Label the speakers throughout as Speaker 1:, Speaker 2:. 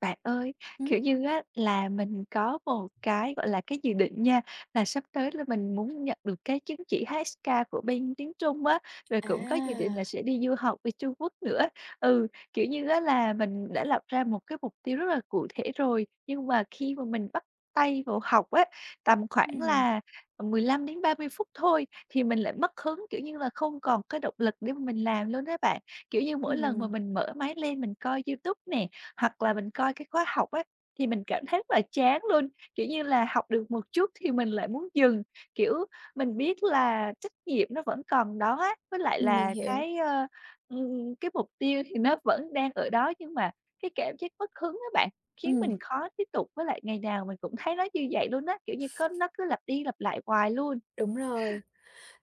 Speaker 1: Bạn ơi, kiểu
Speaker 2: Hửm?
Speaker 1: như á, là mình có một cái, gọi là, cái dự định nha, là sắp tới là mình muốn nhận được cái chứng chỉ HSK của bên tiếng Trung á, rồi cũng có dự định là
Speaker 2: À.
Speaker 1: sẽ đi du học bên Trung Quốc nữa. Ừ, kiểu như á, là mình đã lập ra một cái mục tiêu rất là cụ thể rồi, nhưng mà khi mà mình bắt tay vào học á, tầm khoảng
Speaker 2: Ừm.
Speaker 1: là, ừm, 15 đến 30 phút thôi thì mình lại mất hứng, kiểu như là không còn cái động lực để mà mình làm luôn á bạn. Kiểu như mỗi lần mà
Speaker 2: Ừm.
Speaker 1: mình mở máy lên mình coi YouTube nè, hoặc là mình coi cái khóa học á, thì mình cảm thấy rất là chán luôn. Kiểu như là, học được một chút thì mình lại muốn dừng. Kiểu, mình biết là trách nhiệm nó vẫn còn đó á, với lại
Speaker 2: Ừm, mình
Speaker 1: là
Speaker 2: hiểu.
Speaker 1: cái, ơ, ừm, cái mục tiêu thì nó vẫn đang ở đó. Nhưng mà cái cảm giác mất hứng á bạn, khiến
Speaker 2: Ừm.
Speaker 1: mình khó tiếp tục, với lại ngày nào mình cũng thấy nó như vậy luôn á, kiểu như, có nó cứ lặp đi lặp lại hoài luôn.
Speaker 2: Đúng rồi.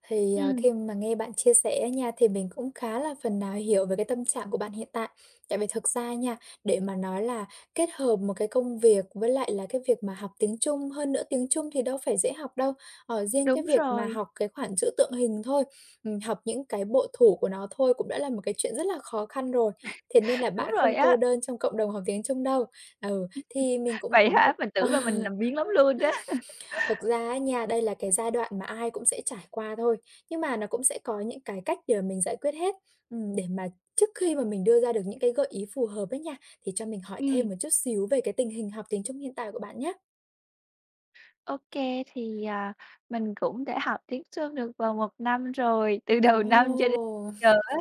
Speaker 2: Thì, à,
Speaker 1: Ừm.
Speaker 2: khi mà nghe bạn chia sẻ á nha, thì mình cũng khá là phần nào hiểu về cái tâm trạng của bạn hiện tại. Tại vì thực ra nha, để mà nói là kết hợp một cái công việc với lại là cái việc mà học tiếng Trung, hơn nữa tiếng Trung thì đâu phải dễ học đâu, ờ, riêng cái
Speaker 1: Đúng
Speaker 2: việc mà
Speaker 1: rồi.
Speaker 2: học cái khoản chữ tượng hình thôi, ừm, học những cái bộ thủ của nó thôi cũng đã là một cái chuyện rất là khó khăn rồi. Thế nên là
Speaker 1: Đúng
Speaker 2: bạn
Speaker 1: rồi
Speaker 2: không cô
Speaker 1: á.
Speaker 2: đơn trong cộng đồng học tiếng Trung đâu. Ừ, thì mình cũng
Speaker 1: Vậy
Speaker 2: có một
Speaker 1: hả? Mình tưởng là mình làm biếng lắm luôn á!
Speaker 2: thật ra á nha, đây là cái giai đoạn mà ai cũng sẽ trải qua thôi, nhưng mà nó cũng sẽ có những cái cách để mình giải quyết hết. Ừm, để mà trước khi mà mình đưa ra được những cái gợi ý phù hợp ấy nha, thì cho mình hỏi thêm
Speaker 1: Ừm.
Speaker 2: một chút xíu về cái tình hình học tiếng Trung hiện tại của bạn nhá?
Speaker 1: OK, thì, à, mình cũng đã học tiếng Trung được gần 1 năm rồi, từ đầu năm cho đến
Speaker 2: Ồ!
Speaker 1: giờ á.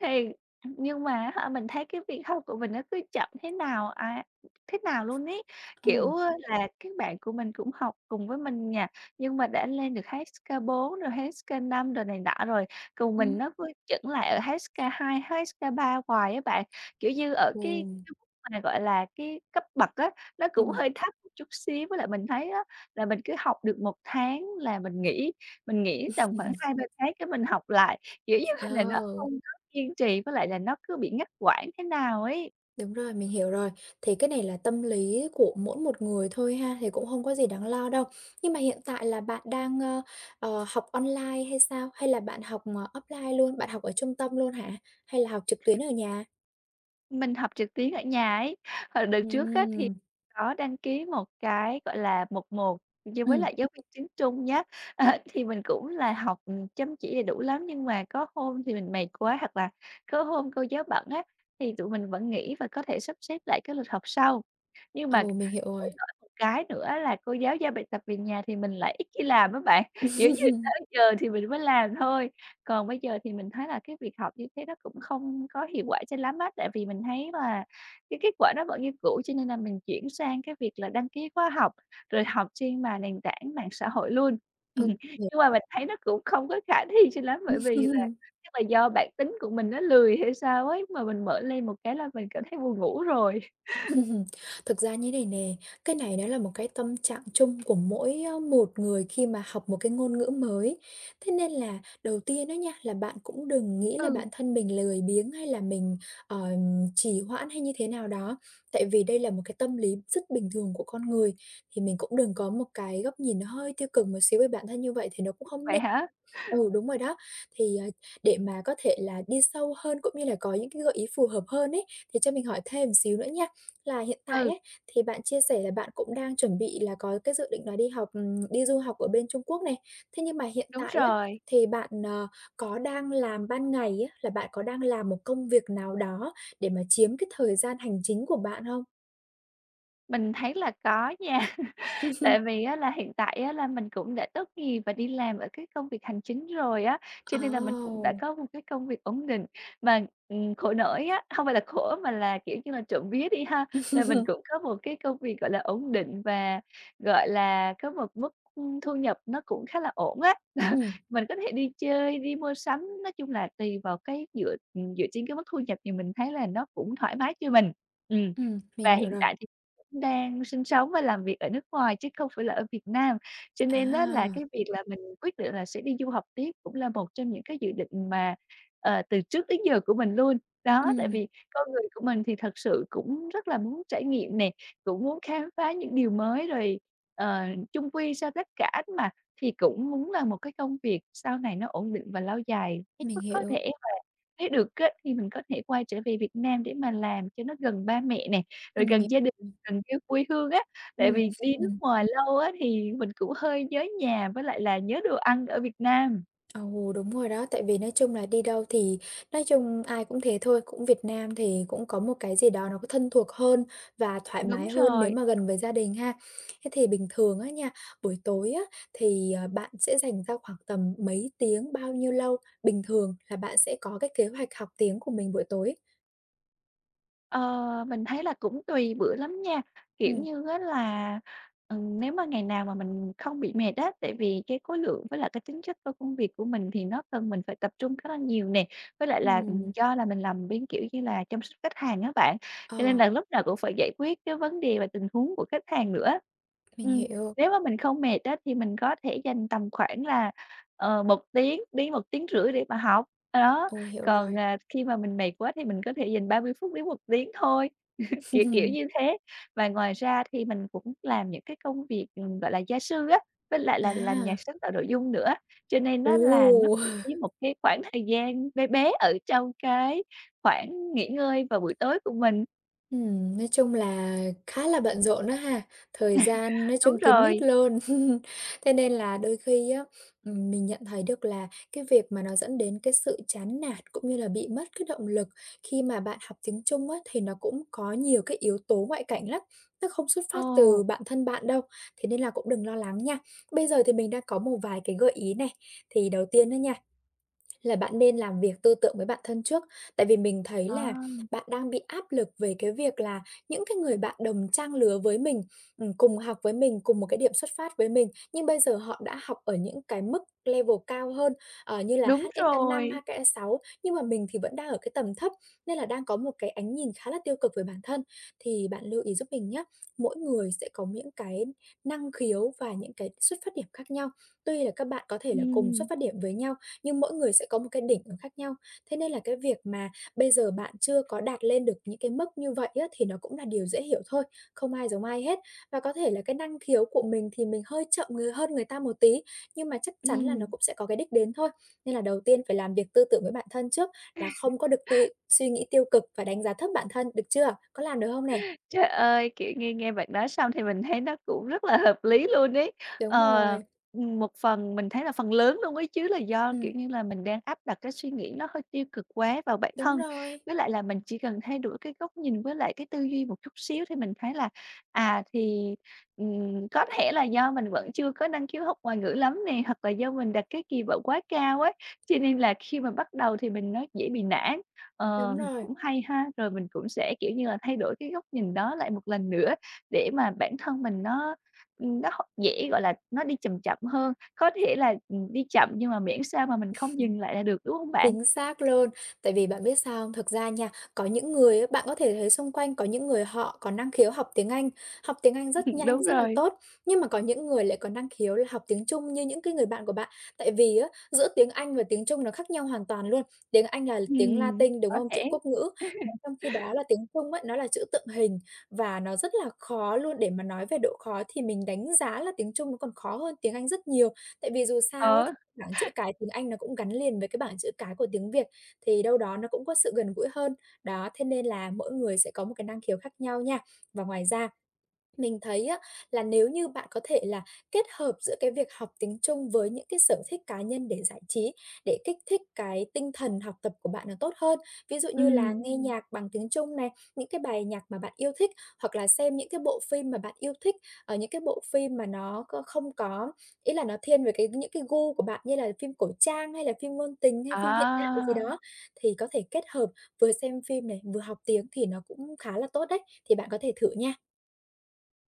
Speaker 1: Thì, nhưng mà á hả, mình thấy cái việc học của mình nó cứ chậm thế nào á thế nào luôn ấy. Kiểu,
Speaker 2: Ừ.
Speaker 1: ơ, là các bạn của mình cũng học cùng với mình nhà, nhưng mà đã lên được HSK4 rồi HSK5 rồi này nọ rồi. Còn mình
Speaker 2: Ừm.
Speaker 1: nó cứ chững lại ở HSK2, HSK3 hoài á bạn. Kiểu như, ở cái
Speaker 2: Ừ.
Speaker 1: [unintelligible] gọi là, cái cấp bậc á, nó cũng
Speaker 2: Ừm.
Speaker 1: hơi thấp [unintelligible] chút xíu. Với lại mình thấy á, là mình cứ học được 1 tháng là mình nghỉ, mình nghỉ tầm khoảng 2-3 tháng cái mình học lại. Kiểu như là là nó
Speaker 2: Ồ!
Speaker 1: không có kiên trì, với lại là nó cứ bị ngắt quãng thế nào ấy.
Speaker 2: Đúng rồi, mình hiểu rồi. Thì cái này là tâm lý của mỗi một người thôi ha, thì cũng hông có gì đáng lo đâu. Nhưng mà hiện tại là bạn đang, ơ, ờ, học online hay sao? Hay là bạn học, ờ, offline luôn, bạn học ở trung tâm luôn hả? Hay là học trực tuyến ở nhà?
Speaker 1: Mình học trực tuyến ở nhà ấy. Và đợt trước á, thì
Speaker 2: Ừm!
Speaker 1: có đăng ký một cái, gọi là, 1-1 như với
Speaker 2: Ừm.
Speaker 1: lại giáo viên tiếng Trung nhá. Ờ, thì mình cũng là học, ừm, chăm chỉ đầy đủ lắm, nhưng mà có hôm thì mình mệt quá, hoặc là có hôm cô giáo bận á, thì tụi mình vẫn nghỉ và có thể sắp xếp lại cái lịch học sau. Nhưng mà
Speaker 2: Ừ, mình hiểu
Speaker 1: khổ
Speaker 2: rồi.
Speaker 1: nỗi một cái nữa là cô giáo giao bài tập về nhà thì mình lại ít khi làm á bạn. Kiểu như, tới giờ thì mình mới làm thôi. Còn bây giờ thì mình thấy là cái việc học như thế nó cũng không có hiệu quả cho lắm á. Tại vì mình thấy là cái kết quả đó vẫn như cũ, cho nên là mình chuyển sang cái việc là đăng ký khóa học rồi học trên mà nền tảng mạng xã hội luôn.
Speaker 2: Ừ, [unintelligible]
Speaker 1: Nhưng mà mình thấy nó cũng không có khả thi cho lắm. Bởi vì là chắc là do bản tính của mình nó lười hay sao ấy, mà mình mở lên một cái là mình cảm thấy buồn ngủ rồi.
Speaker 2: Thực ra như thế này nè, cái này nó là một cái tâm trạng chung của mỗi, ơ, một người khi mà học một cái ngôn ngữ mới. Thế nên là đầu tiên á nha, là bạn cũng đừng nghĩ là
Speaker 1: Ừ.
Speaker 2: bản thân mình lười biếng hay là mình, ờ, trì hoãn hay như thế nào đó. Tại vì đây là một cái tâm lý rất bình thường của con người. Thì mình cũng đừng có một cái góc nhìn nó hơi tiêu cực một xíu về bản thân như vậy thì nó cũng không
Speaker 1: Vậy
Speaker 2: nên.
Speaker 1: hả?
Speaker 2: Ừ, đúng rồi đó. Thì, à, để mà có thể là đi sâu hơn cũng như là có những cái gợi ý phù hợp hơn ấy, thì cho mình hỏi thêm một xíu nữa nha. Là hiện tại
Speaker 1: Ừ.
Speaker 2: ấy, thì bạn chia sẻ là bạn cũng đang chuẩn bị là có cái dự định là đi học ừm, đi du học ở bên Trung Quốc này. Thế nhưng mà hiện
Speaker 1: Đúng
Speaker 2: tại á,
Speaker 1: rồi!
Speaker 2: thì bạn, ờ, có đang làm ban ngày á, là bạn có đang làm một công việc nào đó để mà chiếm cái thời gian hành chính của bạn hông?
Speaker 1: Mình thấy là có nha.
Speaker 2: Ừm.
Speaker 1: Tại vì á là hiện tại á là mình cũng đã tốt nghiệp và đi làm ở cái công việc hành chính rồi á, cho
Speaker 2: À,
Speaker 1: nên là mình cũng đã
Speaker 2: ồ!
Speaker 1: có một cái công việc ổn định. Mà, ừm, khổ nỗi á, không phải là khổ mà là, kiểu như là, trộm vía đi ha, là mình cũng có một cái công việc, gọi là, ổn định và, gọi là, có một mức, ưm, thu nhập nó cũng khá là ổn á.
Speaker 2: Ừm.
Speaker 1: Mình có thể đi chơi, đi mua sắm, nói chung là tùy vào cái dựa, ừm, dựa trên cái mức thu nhập thì mình thấy là nó cũng thoải mái cho mình. Ừm,
Speaker 2: Ừm, mình
Speaker 1: và
Speaker 2: hiểu
Speaker 1: hiện
Speaker 2: rồi.
Speaker 1: tại thì cũng đang sinh sống và làm việc ở nước ngoài chứ không phải là ở Việt Nam. Cho nên á, là, cái
Speaker 2: À!
Speaker 1: việc là mình quyết định là sẽ đi du học tiếp cũng là một trong những cái dự định mà, ờ, từ trước đến giờ của mình luôn. Đó, tại
Speaker 2: Ừm.
Speaker 1: vì con người của mình thì thật sự cũng rất là muốn trải nghiệm nè, cũng muốn khám phá những điều mới. Rồi, ờ, chung quy sau tất cả mà thì cũng muốn làm một cái công việc sau này nó ổn định và lâu dài hết
Speaker 2: Mình
Speaker 1: mức có
Speaker 2: hiểu.
Speaker 1: thể và nếu được á, thì mình có thể quay trở về Việt Nam để mà làm cho nó gần ba mẹ nè, rồi
Speaker 2: Ừm, hỉ
Speaker 1: gần gia đình,
Speaker 2: [unintelligible]
Speaker 1: gần cái quê hương á.
Speaker 2: Ừm,
Speaker 1: Tại vì đi nước
Speaker 2: ừm.
Speaker 1: ngoài lâu á thì mình cũng hơi nhớ nhà với lại là nhớ đồ ăn ở Việt Nam.
Speaker 2: Ồ, đúng rồi đó. Tại vì nói chung là đi đâu thì nói chung ai cũng thế thôi, cũng Việt Nam thì cũng có một cái gì đó nó có thân thuộc hơn và thoải
Speaker 1: Đúng
Speaker 2: mái hơn nếu
Speaker 1: rồi.
Speaker 2: mà gần với gia đình ha. Thế thì bình thường á nha, buổi tối á thì, ờ, bạn sẽ dành ra khoảng tầm mấy tiếng, bao nhiêu lâu bình thường là bạn sẽ có cái kế hoạch học tiếng của mình buổi tối?
Speaker 1: Ờ, mình thấy là cũng tùy bữa lắm nha. Kiểu
Speaker 2: Ừm.
Speaker 1: như á là, ừm, nếu mà ngày nào mà mình không bị mệt á, tại vì cái khối lượng với lại cái tính chất tôi công việc của mình thì nó cần mình phải tập trung khá là nhiều nè, với lại là, ừm,
Speaker 2: Ừm.
Speaker 1: do là mình làm bên, kiểu như là, chăm sóc khách hàng á bạn, cho nên
Speaker 2: Ờ.
Speaker 1: là lúc nào cũng phải giải quyết cái vấn đề về tình huống của khách hàng nữa.
Speaker 2: Mình
Speaker 1: Ừm,
Speaker 2: hiểu.
Speaker 1: nếu mà mình không mệt á, thì mình có thể dành tầm khoảng là ờ, 1 tiếng đến 1,5 tiếng để mà học, đó,
Speaker 2: Ồ, hiểu
Speaker 1: còn,
Speaker 2: rồi.
Speaker 1: à, khi mà mình mệt quá thì mình có thể dành 30 phút đến 1 tiếng thôi, kiểu, kiểu, như thế. Và ngoài ra thì mình cũng làm những cái công việc, ừm, gọi là, gia sư á, với lại là làm nhà
Speaker 2: À.
Speaker 1: sáng tạo nội dung nữa, cho nên á là nó
Speaker 2: Ồ!
Speaker 1: cũng chiếm một cái khoảng thời gian be bé ở trong cái khoảng nghỉ ngơi vào buổi tối của mình.
Speaker 2: Ừm, nói chung là khá là bận rộn á ha, thời gian nói
Speaker 1: Đúng
Speaker 2: chung kín mít
Speaker 1: rồi.
Speaker 2: luôn. Thế nên là đôi khi á, ừm, mình nhận thấy được là cái việc mà nó dẫn đến cái sự chán nản cũng như là bị mất cái động lực khi mà bạn học tiếng Trung á, thì nó cũng có nhiều cái yếu tố ngoại cảnh lắm, nó không xuất phát từ
Speaker 1: Ồ.
Speaker 2: bản thân bạn đâu, thế nên là cũng đừng lo lắng nha. Bây giờ thì mình đang có một vài cái gợi ý này. Thì đầu tiên á nha, là bạn nên làm việc tư tưởng với bản thân trước, tại vì mình thấy là
Speaker 1: À.
Speaker 2: bạn đang bị áp lực về cái việc là những cái người bạn đồng trang lứa với mình, ừm, cùng học với mình, cùng một cái điểm xuất phát với mình, nhưng bây giờ họ đã học ở những cái mức level cao hơn, ờ, như là
Speaker 1: Đúng
Speaker 2: HSK5,
Speaker 1: rồi.
Speaker 2: HSK6, nhưng mà mình thì vẫn đang ở cái tầm thấp nên là đang có một cái ánh nhìn khá là tiêu cực về bản thân. Thì bạn lưu ý giúp mình nhá, mỗi người sẽ có những cái năng khiếu và những cái xuất phát điểm khác nhau, tuy là các bạn có thể là cùng xuất
Speaker 1: Ừm.
Speaker 2: phát điểm với nhau nhưng mỗi người sẽ có một cái đỉnh nó khác nhau, thế nên là cái việc mà bây giờ bạn chưa có đạt lên được những cái mức như vậy á, thì nó cũng là điều dễ hiểu thôi, không ai giống ai hết. Và có thể là cái năng khiếu của mình thì mình hơi chậm người hơn người ta một tí nhưng mà chắc chắn là nó
Speaker 1: Ừm.
Speaker 2: cũng sẽ có cái đích đến thôi, nên là đầu tiên phải làm việc tư tưởng với bản thân trước là không có được tuy suy nghĩ tiêu cực và đánh giá thấp bản thân, được chưa? Có làm được hông nè?
Speaker 1: Trời ơi, kiểu, nghe nghe bạn nói xong thì mình thấy nó cũng rất là hợp lý luôn ấy,
Speaker 2: Đúng
Speaker 1: ờ,
Speaker 2: rồi.
Speaker 1: ừm, một phần mình thấy là phần lớn luôn ấy chứ, là do, kiểu
Speaker 2: Ừm.
Speaker 1: như là, mình đang áp đặt cái suy nghĩ nó hơi tiêu cực quá vào bản
Speaker 2: Đúng
Speaker 1: thân,
Speaker 2: rồi.
Speaker 1: với lại là mình chỉ cần thay đổi cái góc nhìn với lại cái tư duy một chút xíu thì mình thấy là, à, thì, ừm, có thể là do mình vẫn chưa có năng khiếu học ngoại ngữ lắm nè hoặc là do mình đặt cái kỳ vọng quá cao ấy, cho nên là khi mà bắt đầu thì mình nói dễ bị nản.
Speaker 2: Đúng
Speaker 1: Ờm,
Speaker 2: rồi.
Speaker 1: cũng hay ha, rồi mình cũng sẽ, kiểu như là, thay đổi cái góc nhìn đó lại một lần nữa để mà bản thân mình nó, ừm, nó học dễ gọi là, nó đi chầm chậm hơn có thể là, ừm, đi chậm nhưng mà miễn sao mà mình không dừng lại là được, đúng hông bạn?
Speaker 2: Chính xác luôn, tại vì bạn biết sao hông? Thực ra nha, có những người á, bạn có thể thấy xung quanh có những người họ có năng khiếu học tiếng Anh, học tiếng Anh rất nhanh,
Speaker 1: Đúng
Speaker 2: rất là
Speaker 1: rồi.
Speaker 2: tốt, nhưng mà có những người lại có năng khiếu là học tiếng Trung như những cái người bạn của bạn. Tại vì á, giữa tiếng Anh và tiếng Trung nó khác nhau hoàn toàn luôn. Tiếng Anh là tiếng
Speaker 1: Ừm,
Speaker 2: Latinh, đúng
Speaker 1: có
Speaker 2: hông? Chữ
Speaker 1: thể.
Speaker 2: quốc ngữ. Còn trong khi đó là tiếng Trung á, nó là chữ tượng hình và nó rất là khó luôn, để mà nói về độ khó thì mình đánh giá là tiếng Trung nó còn khó hơn tiếng Anh rất nhiều. Tại vì dù sao á,
Speaker 1: Ờ.
Speaker 2: thì bảng chữ cái tiếng Anh nó cũng gắn liền với cái bảng chữ cái của tiếng Việt, thì đâu đó nó cũng có sự gần gũi hơn. Đó, thế nên là mỗi người sẽ có một cái năng khiếu khác nhau nha. Và ngoài ra, mình thấy á, là nếu như bạn có thể là kết hợp giữa cái việc học tiếng Trung với những cái sở thích cá nhân để giải trí, để kích thích cái tinh thần học tập của bạn nó tốt hơn. Ví dụ như là
Speaker 1: Ừm.
Speaker 2: nghe nhạc bằng tiếng Trung này, những cái bài nhạc mà bạn yêu thích hoặc là xem những cái bộ phim mà bạn yêu thích, ờ, những cái bộ phim mà nó c không có ý là nó thiên về cái những cái gu của bạn như là phim cổ trang hay là phim ngôn tình hay phim hiện đại gì
Speaker 1: À.
Speaker 2: đó, thì có thể kết hợp vừa xem phim này, vừa học tiếng thì nó cũng khá là tốt đấy, thì bạn có thể thử nha.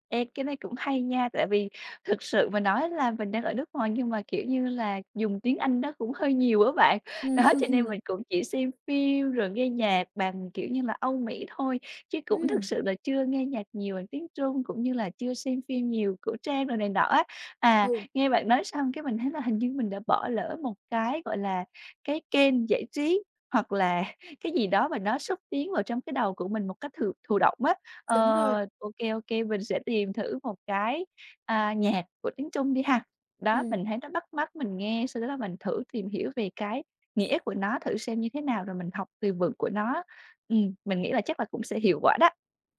Speaker 1: Ê, cái này cũng hay nha. Tại vì thực sự mà nói là mình đang ở nước ngoài nhưng mà, kiểu như là, dùng tiếng Anh nó cũng hơi nhiều á bạn. Đó, cho nên mình cũng chỉ xem phim rồi nghe nhạc bằng, kiểu như là, Âu Mỹ thôi chứ cũng thực
Speaker 2: Ừm.
Speaker 1: sự là chưa nghe nhạc nhiều bằng tiếng Trung, cũng như là chưa xem phim nhiều, cổ trang đồ này nọ á. À,
Speaker 2: Ừ.
Speaker 1: nghe bạn nói xong cái mình thấy là hình như mình đã bỏ lỡ một cái, gọi là, cái kênh giải trí hoặc là cái gì đó mà nó xúc tiến vào trong cái đầu của mình một cách thụ thụ động á.
Speaker 2: Đúng rồi.
Speaker 1: Ờ, ô kê, ô kê, mình sẽ tìm thử một cái, à, nhạc của tiếng Trung đi ha, đó,
Speaker 2: Ừm.
Speaker 1: mình thấy nó bắt mắt mình nghe, sau đó là mình thử tìm hiểu về cái nghĩa của nó thử xem như thế nào, rồi mình học từ vựng của nó. Ừm, mình nghĩ là chắc là cũng sẽ hiệu quả đó.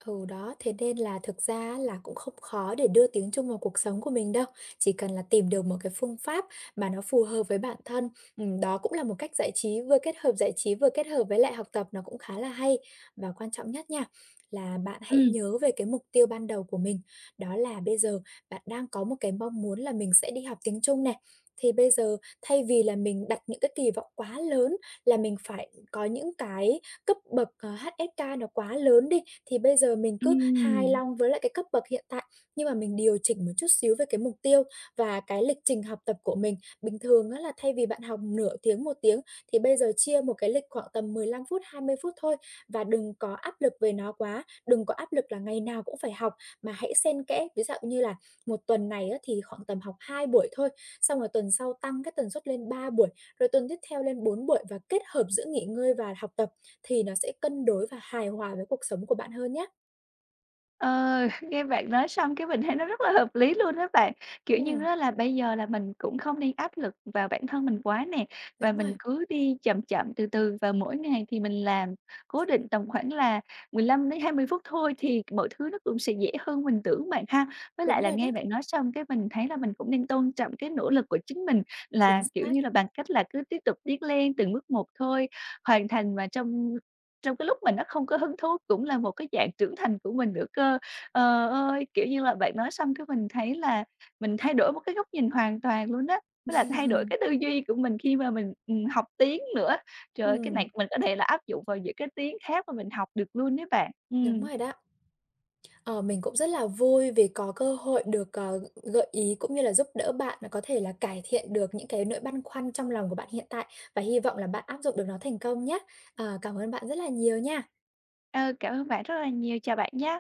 Speaker 2: Ừ, đó, thế nên là thực ra á là cũng không khó để đưa tiếng Trung vào cuộc sống của mình đâu. Chỉ cần là tìm được một cái phương pháp mà nó phù hợp với bản thân, ừm, đó cũng là một cách giải trí, vừa kết hợp giải trí, vừa kết hợp với lại học tập nó cũng khá là hay. Và quan trọng nhất nha, là bạn hãy
Speaker 1: Ừm.
Speaker 2: nhớ về cái mục tiêu ban đầu của mình, đó là bây giờ bạn đang có một cái mong muốn là mình sẽ đi học tiếng Trung nè, thì bây giờ thay vì là mình đặt những cái kỳ vọng quá lớn là mình phải có những cái cấp bậc, ờ, HSK nó quá lớn đi, thì bây giờ mình cứ hài
Speaker 1: Ừm.
Speaker 2: lòng với lại cái cấp bậc hiện tại, nhưng mà mình điều chỉnh một chút xíu về cái mục tiêu và cái lịch trình học tập của mình. Bình thường á là thay vì bạn học nửa tiếng, 1 tiếng thì bây giờ chia một cái lịch khoảng tầm 15 phút, 20 phút thôi và đừng có áp lực về nó quá, đừng có áp lực là ngày nào cũng phải học, mà hãy xen kẽ ví dạo như là 1 tuần này á thì khoảng tầm học 2 buổi thôi, xong rồi tuần sau tăng cái tần suất lên 3 buổi, rồi tuần tiếp theo lên 4 buổi và kết hợp giữa nghỉ ngơi và học tập, thì nó sẽ cân đối và hài hòa với cuộc sống của bạn hơn nhá.
Speaker 1: Ờ, nghe bạn nói xong cái mình thấy nó rất là hợp lý luôn á bạn. Kiểu như
Speaker 2: Ừm.
Speaker 1: á, là bây giờ là mình cũng không nên áp lực vào bản thân mình quá nè, và
Speaker 2: Đúng
Speaker 1: mình
Speaker 2: rồi.
Speaker 1: cứ đi chậm chậm từ từ, và mỗi ngày thì mình làm cố định tầm khoảng là 15 đến 20 phút thôi thì mọi thứ nó cũng sẽ dễ hơn mình tưởng bạn ha. Với lại
Speaker 2: Đúng
Speaker 1: là,
Speaker 2: rồi
Speaker 1: nghe
Speaker 2: đấy.
Speaker 1: bạn nói xong cái mình thấy là mình cũng nên tôn trọng cái nỗ lực của chính mình,
Speaker 2: Chính
Speaker 1: là kiểu
Speaker 2: xác.
Speaker 1: như, bằng cách là cứ tiếp tục tiến lên từng bước một thôi, hoàn thành mà trong trong cái lúc mình nó không có hứng thú cũng là một cái dạng trưởng thành của mình nữa cơ. Ờ ơi, kiểu như là, bạn nói xong cái, mình thấy là mình thay đổi một cái góc nhìn hoàn toàn luôn á, với lại thay đổi cái tư duy của mình khi mà mình, ừm, học tiếng nữa. Trời ơi, cái này
Speaker 2: Ừm.
Speaker 1: mình có thể là áp dụng vào những cái tiếng khác mà mình học được luôn ấy bạn.
Speaker 2: Đúng
Speaker 1: Ừm.
Speaker 2: rồi đó. Ờ, mình cũng rất là vui vì có cơ hội được, ờ, g gợi ý cũng như là giúp đỡ bạn là có thể là cải thiện được những cái nỗi băn khoăn trong lòng của bạn hiện tại. Và hy vọng là bạn áp dụng được nó thành công nhá. Ờ, cảm ơn bạn rất là nhiều nha.
Speaker 1: Ờ, cảm ơn bạn rất là nhiều. Chào bạn nhá.